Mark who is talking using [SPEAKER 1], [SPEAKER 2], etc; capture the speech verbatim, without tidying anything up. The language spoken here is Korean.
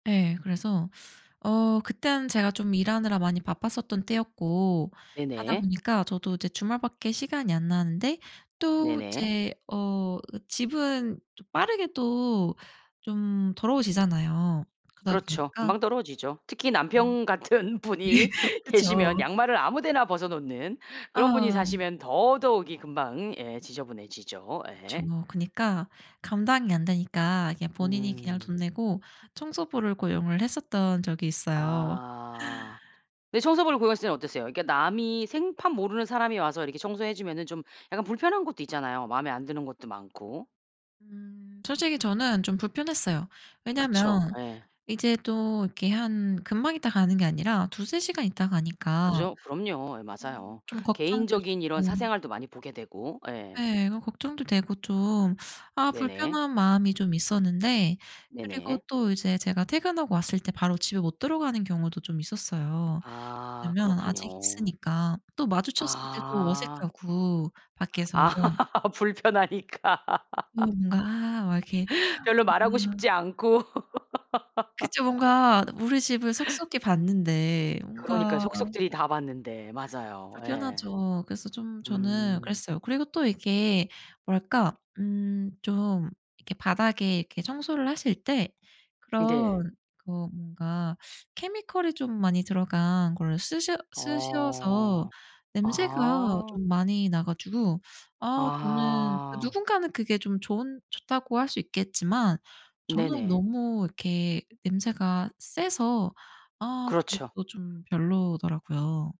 [SPEAKER 1] 예. 그래서 어 그땐 제가 좀 일하느라 많이 바빴었던 때였고 하다
[SPEAKER 2] 네네.
[SPEAKER 1] 보니까 저도 이제 주말 밖에 시간이 안 나는데 또
[SPEAKER 2] 네네.
[SPEAKER 1] 제 어 집은 좀 빠르게 또 좀 더러워지잖아요. 그러다
[SPEAKER 2] 그렇죠.
[SPEAKER 1] 보니까
[SPEAKER 2] 금방 떨어지죠. 특히 남편 같은
[SPEAKER 1] 네
[SPEAKER 2] 분이
[SPEAKER 1] 그쵸.
[SPEAKER 2] 계시면 양말을 아무 데나 벗어 놓는 그런 분이
[SPEAKER 1] 아.
[SPEAKER 2] 사시면 더더욱이 금방 예 지저분해지죠
[SPEAKER 1] 그쵸.
[SPEAKER 2] 예.
[SPEAKER 1] 그니까 감당이 안 되니까 그냥 본인이 그냥
[SPEAKER 2] 음.
[SPEAKER 1] 돈 내고 청소부를 고용을 했었던 적이 있어요.
[SPEAKER 2] 아 근데 청소부를 고용했을 때는 어땠어요? 이렇게 남이 생판 모르는 사람이 와서 이렇게 청소해 주면은 좀 약간 불편한 것도 있잖아요, 맘에 안 드는 것도 많고.
[SPEAKER 1] 음. 솔직히 저는 좀 불편했어요.
[SPEAKER 2] 그쵸.
[SPEAKER 1] 왜냐하면
[SPEAKER 2] 예.
[SPEAKER 1] 이제 또 이렇게 한 금방 있다가 가는 게 아니라 두세 시간 있다 가니까
[SPEAKER 2] 그죠. 그럼요. 예
[SPEAKER 1] 음
[SPEAKER 2] 맞아요.
[SPEAKER 1] 좀 걱정도
[SPEAKER 2] 개인적인 이런
[SPEAKER 1] 있었고
[SPEAKER 2] 사생활도 많이 보게 되고 예.
[SPEAKER 1] 예. 걱정도 되고 좀 아
[SPEAKER 2] 네네.
[SPEAKER 1] 불편한 마음이 좀 있었는데 그리고
[SPEAKER 2] 네네.
[SPEAKER 1] 또 이제 제가 퇴근하고 왔을 때 바로 집에 못 들어가는 경우도 좀 있었어요,
[SPEAKER 2] 아
[SPEAKER 1] 왜나면 아직
[SPEAKER 2] 그렇군요.
[SPEAKER 1] 있으니까. 또 마주쳤을 때도
[SPEAKER 2] 아.
[SPEAKER 1] 어색하고 밖에서.
[SPEAKER 2] 아 불편하니까.
[SPEAKER 1] 이 뭔가 막 이렇게
[SPEAKER 2] 별로 말하고 싶지
[SPEAKER 1] [unintelligible]
[SPEAKER 2] 않고.
[SPEAKER 1] 그쵸. 뭔가 우리 집을 속속히 봤는데
[SPEAKER 2] 그러니까요.
[SPEAKER 1] 뭔가
[SPEAKER 2] 속속들이 다 봤는데 맞아요. 예.
[SPEAKER 1] 불편하죠. 그래서 좀 저는
[SPEAKER 2] 음.
[SPEAKER 1] 그랬어요. 그리고 또 이게 뭐랄까? 음 좀 이렇게 바닥에 청소를 하실 때
[SPEAKER 2] 네.
[SPEAKER 1] 그런 그 어 뭔가 케미컬이 좀 많이 들어간 걸 쓰셔 쓰셔서
[SPEAKER 2] 어.
[SPEAKER 1] 냄새가
[SPEAKER 2] 아.
[SPEAKER 1] 좀 많이 나 가지고 아 저는
[SPEAKER 2] 아.
[SPEAKER 1] 누군가는 그게 좀 좋은 좋다고 할 수 있겠지만 저는
[SPEAKER 2] 네네.
[SPEAKER 1] 너무 이렇게 냄새가 세서 아
[SPEAKER 2] 그렇죠.
[SPEAKER 1] 그것도 좀 별로더라고요.